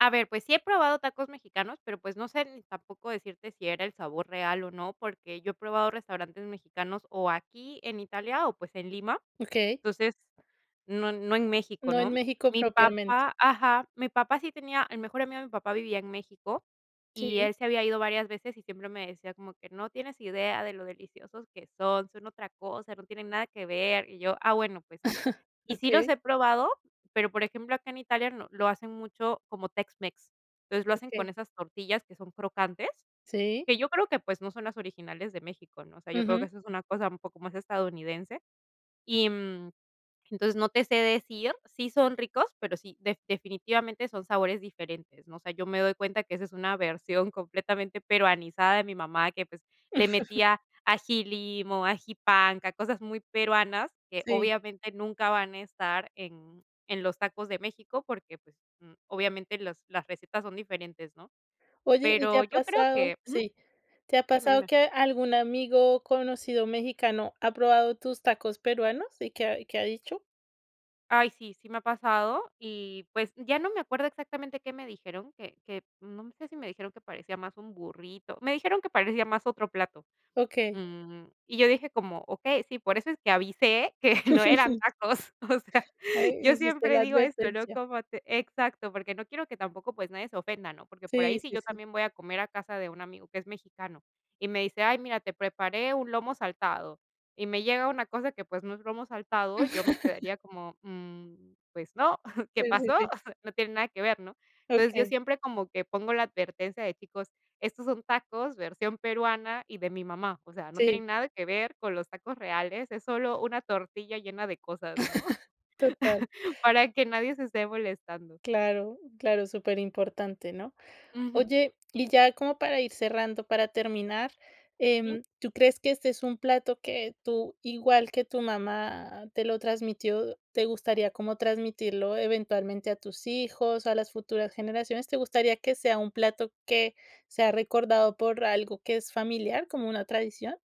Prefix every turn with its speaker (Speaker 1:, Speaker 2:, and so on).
Speaker 1: A ver, pues sí he probado tacos mexicanos pero pues no sé ni tampoco decirte si era el sabor real o no, porque yo he probado restaurantes mexicanos o aquí en Italia o, pues, en Lima.
Speaker 2: Okey.
Speaker 1: Entonces no no en México,
Speaker 2: No en
Speaker 1: ¿no?
Speaker 2: México
Speaker 1: Mi
Speaker 2: propiamente.
Speaker 1: papá ajá, mi papá sí tenía el mejor amigo de mi papá vivía en México y
Speaker 2: Sí.
Speaker 1: él se había ido varias veces y siempre me decía como que: "No tienes idea de lo deliciosos que son, son otra cosa, no tienen nada que ver", y yo: "Ah, bueno, pues, ¿no?". Y sí los
Speaker 2: Okey.
Speaker 1: he probado, pero por ejemplo, acá en Italia no lo hacen mucho como tex-mex. Entonces lo hacen con
Speaker 2: Okey.
Speaker 1: esas tortillas que son crocantes,
Speaker 2: Sí.
Speaker 1: que yo creo que, pues, no son las originales de México, ¿no? O sea, yo creo que
Speaker 2: Ujú.
Speaker 1: eso es una cosa un poco más estadounidense y, mm, entonces no te sé decir, sí son ricos, pero sí def definitivamente son sabores diferentes, ¿no? O sea, yo me doy cuenta que esa es una versión completamente peruanizada de mi mamá que, pues, le metía ají limo, ají panca, cosas muy peruanas que
Speaker 2: Sí.
Speaker 1: obviamente nunca van a estar en en los tacos de México, porque, pues, mm, obviamente los las recetas son diferentes, ¿no?
Speaker 2: Oye, ¿y te
Speaker 1: Pero
Speaker 2: ha
Speaker 1: yo creo que
Speaker 2: pasado?
Speaker 1: ujú,
Speaker 2: Sí. ¿Te ha
Speaker 1: dime,
Speaker 2: pasado
Speaker 1: dime.
Speaker 2: que algún amigo, conocido mexicano ha probado tus tacos peruanos? ¿Y qué ha y qué ha dicho?
Speaker 1: Ay sí, sí me ha pasado y, pues, ya no me acuerdo exactamente qué me dijeron, que que, mm, no sé si me dijeron que parecía más un burrito. Me dijeron que parecía más otro plato.
Speaker 2: Okey.
Speaker 1: Mm, y yo dije como: "Okey, sí, por eso es que avisé que no eran tacos", o sea,
Speaker 2: Ay,
Speaker 1: yo
Speaker 2: hiciste
Speaker 1: siempre
Speaker 2: la
Speaker 1: digo esto, ¿no?
Speaker 2: advertencia.
Speaker 1: Como te exacto, porque no quiero que tampoco, pues, nadie se ofenda, ¿no? Porque por ahí
Speaker 2: Sí,
Speaker 1: sí
Speaker 2: sí,
Speaker 1: yo
Speaker 2: sí.
Speaker 1: también voy a comer a casa de un amigo que es mexicano y me dice: "Ay mira, te preparé un lomo saltado", y me llega una cosa que, pues, no es lomo saltado, yo me quedaría como: "Mm, pues no, ¿qué
Speaker 2: Sí,
Speaker 1: pasó?".
Speaker 2: sí, sí.
Speaker 1: No tiene nada que ver, ¿no? Entonces yo
Speaker 2: Okey.
Speaker 1: siempre como que pongo la advertencia de: "Chicos, estos son tacos versión peruana y de mi mamá, o sea, no
Speaker 2: Sí.
Speaker 1: tienen nada que ver con los tacos reales, es solo una tortilla llena de cosas", ¿no?
Speaker 2: Total.
Speaker 1: Para que nadie se esté molestando.
Speaker 2: Claro, claro, superimportante, ¿no?
Speaker 1: Ujú.
Speaker 2: Oye, y ya como para ir cerrando, para terminar,
Speaker 1: Sí.
Speaker 2: em, ¿tú crees que este es un plato que tú, igual que tu mamá te lo transmitió, te gustaría como transmitirlo eventualmente a tus hijos, a las futuras generaciones? ¿Te gustaría que sea un plato que sea recordado por algo que es familiar, como una tradición?